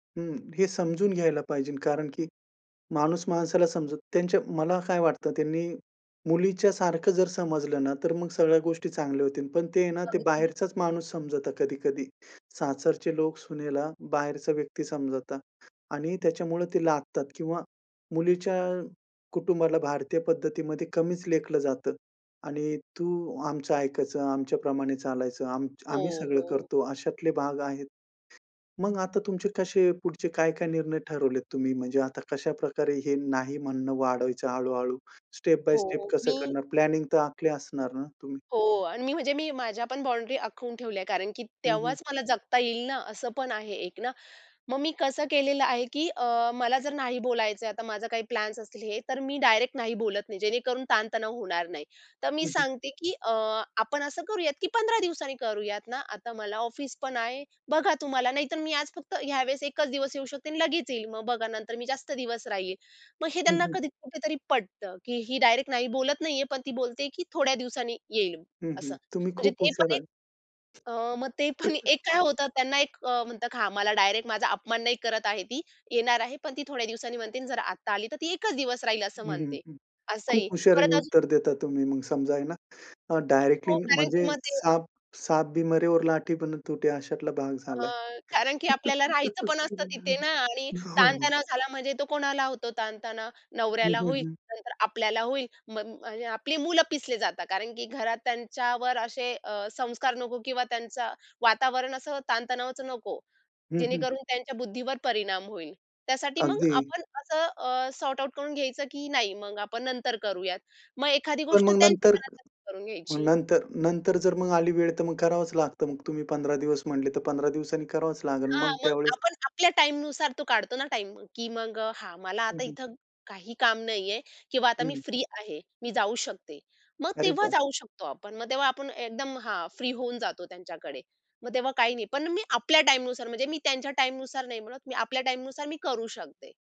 हं. हे समजून घ्यायला पाहिजे कारण की माणूस माणसाला समजत त्यांच्या मला काय वाटतं, त्यांनी मुलीच्या सारखं जर समजलं ना, तर मग सगळ्या गोष्टी चांगल्या होतील. पण ते आहे ना ते अगदीच. बाहेरचाच माणूस समजतात कधी-कधी. सासरचे लोक सुनेला बाहेरचा व्यक्ती समजतात आणि त्याच्यामुळे ते लादतात किंवा मुलीच्या कुटुंबाला भारतीय पद्धतीमध्ये कमीच लेखलं जातं. आणि "तू आमचं ऐकायचं. आमच्या प्रमाणे चालायचं. आम हो, आम्ही सगळं हो. करतो," अशातले भाग आहेत. मग आता तुमचे कसे पुढचे काय-काय निर्णय ठरवलेत तुम्ही? म्हणजे आता कशाप्रकारे हे नाही म्हणणं वाढवायचं हळू-हळू, स्टेप बाय स्टेप हो. कसं मी करणार? प्लॅनिंग तर आखली असणार ना तुम्ही? हो आणि मी म्हणजे मी माझ्या पण बाउंडरी आखून ठेवल्या आहे कारण की हं, हं. तेव्हाच मला जगता येईल ना असं पण आहे एक ना. मग मी कसं केलेलं आहे, की अ, मला जर नाही बोलायचंय आता माझं काही प्लॅन्स असतील हे, तर मी डायरेक्ट नाही बोलत नाही. जेणेकरून ताणतणाव होणार नाही. तर मी हं, हं. सांगते, की अ, "आपण असं करूयात, की 15 दिवसांनी करूयात ना. आता मला ऑफिस पण आहे. बघा तुम्हाला नाहीतर मी आज फक्त ह्या वेळेस एकच दिवस येऊ शकते आणि लगेच येईल. मग बघा नंतर मी जास्त दिवस राहील." मग हे हं, त्यांना हं. कधी कुठेतरी पटतं, की ही डायरेक्ट नाही बोलत नाहीये पण ती बोलते आहे, की थोड्या दिवसांनी येईल. हं, हं. असं. तुम्ही म्हणजे खूप ते पण हुशार एक आहे. अ, मग ते पण एक काय होतं त्यांना एक अ, म्हणतात, "हां, मला डायरेक्ट माझा अपमान नाही करत आहे ती, येणार आहे, पण ती थोड्या दिवसांनी म्हणते आणि जर आत्ता आली तर ती एकच दिवस राहील असं हं, हं, म्हणते." हं. खूप असंही. परत हुशारीने अजून उत्तर देता तुम्ही. मग समजा आहे ना, अ, डायरेक्टली हो कारण की म्हणजे मग ते साप, साप भी मरे और लाठी भी ना तुटे अशातला भाग झालाय. अ, कारण की आपल्याला राहायचं पण असतं तिथे ना आणि हो, हो. ताणतणाव झाला म्हणजे तो कोणाला होतो ताणतणाव? हं, नवऱ्याला हं, होईल. हं. नंतर आपल्याला होईल म म्हणजे आपली मुलं पिसली जातात कारण की घरात त्यांच्यावर असे अ, संस्कार नको किंवा त्यांचं वातावरण असं ताणतणावाचं नको. हं, हं. जेणेकरून त्यांच्या बुद्धीवर परिणाम होईल. त्यासाठी मग अगदी. आपण असं अ, सॉर्ट आउट करून घ्यायचं की नाही मग आपण नंतर करूयात. मग एखादी पण गोष्ट मग त्यांच्या नंतर मनासारखी करुन मग घ्यायची. नंतर नंतर जर मग आली वेळ तर मग करावंच लागतं. मग तुम्ही 15 दिवस म्हटले, तर 15 दिवसांनी करावंच लागेल, हां. मग मग त्यावेळेस आपण आपल्या टाईमनुसार तो काढतो ना टाईम, की मग अ, "हां, मला हं, आता हं. इथे काही काम नाहीये किंवा आता मी हं. फ्री आहे. मी जाऊ शकते." मग अरे तेव्हा वाह! जाऊ शकतो आपण. मग तेव्हा आपण एकदम, हां, फ्री होऊन जातो त्यांच्याकडे. मग तेव्हा काही नाही. पण मी आपल्या टाईमनुसार म्हणजे मी त्यांच्या टाईमनुसार नाही बोलत. मी आपल्या टाईमनुसार मी करू शकते.